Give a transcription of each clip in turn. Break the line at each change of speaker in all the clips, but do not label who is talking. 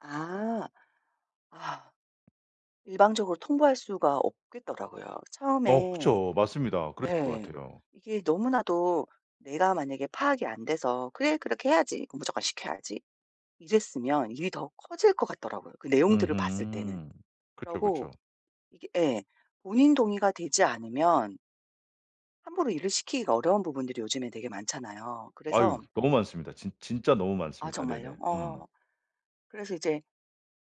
아. 아. 일방적으로 통보할 수가 없겠더라고요.
어
처음에
그쵸. 맞습니다. 그러실 것
네.
같아요.
이게 너무나도 내가 만약에 파악이 안 돼서 '그래 그렇게 해야지. 무조건 시켜야지.' 이랬으면 일이 더 커질 것 같더라고요 그 내용들을 봤을 때는.
음음. 그쵸,
그러고
그쵸.
이게 예. 본인 동의가 되지 않으면 함부로 일을 시키기가 어려운 부분들이 요즘에 되게 많잖아요.
아유
그래서
너무 많습니다. 진 진짜 너무
아
많습니다. 네네.
정말요?
음.
어. 그래서 이제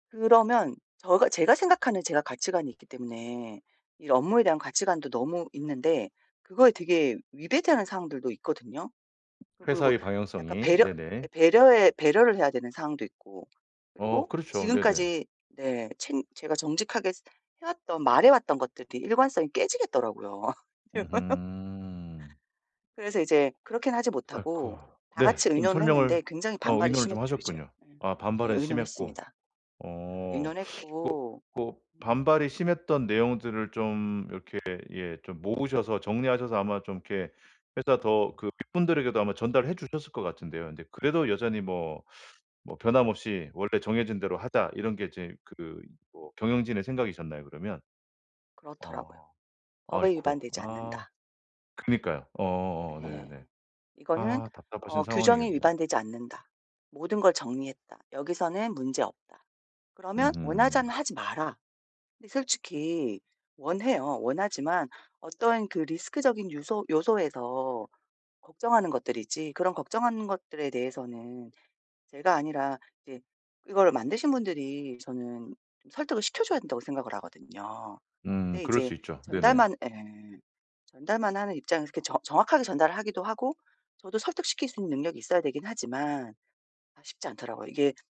그러면 저가 제가 생각하는 제가 가치관이 있기 때문에 이 업무에 대한 가치관도 너무 있는데 그거에 되게 위배되는 상황들도 있거든요. 또 그리고
회사의
약간
방향성이.
배려 예
네네.
배려해 배려를 해야 되는 상황도 있고
어
그리고
그렇죠. 네네.
지금까지 네. 챙 제가 정직하게 스 해왔던, 말해왔던 것들이 일관성이 깨지겠더라고요.
으흠.
그래서 이제 그렇게는 하지
아이코.
못하고 다
네
같이
좀
의논을
설명을
했는데 굉장히
어
반발이
의논을 좀
심했죠 이제.
하셨군요.
예.
아
예
반발은 심했고.
의논했습니다.
어.
어
뭐
의논했고
뭐
[unintelligible]
반발이 심했던 내용들을 좀 이렇게 예 좀 모으셔서 정리하셔서 아마 좀 이렇게 회사 더 그 윗분들에게도 아마 전달해 주셨을 것 같은데요. 근데 그래도 여전히 뭐 뭐 '변함없이 원래 정해진 대로 하다.' 이런 게 이제 그 뭐 경영진의 생각이셨나요 그러면?
그렇더라고요.
어.
'법에
아이코.
위반되지
아.
않는다.'
그니까요. 어 어 네
예.
네.
이거는
아 답답하신
어 '규정에
상황이겠네요.
위반되지 않는다. 모든 걸 정리했다. 여기서는 문제없다. 그러면 원하지
으흠.
않으면 하지 마라.' 근데 솔직히 원해요. 원하지만 어떤 그 리스크적인 유서 요소에서 걱정하는 것들이지 그런 걱정하는 것들에 대해서는 제가 아니라 이제 이거를 만드신 분들이 저는 설득을 시켜줘야 된다고 생각을 하거든요.
음.
근데
그럴
이제
수 있죠. 네네.
전달만 예 전달만 하는 입장에서 그렇게 정 정확하게 전달을 하기도 하고 저도 설득시킬 수 있는 능력이 있어야 되긴 하지만 아 쉽지 않더라고요. 이게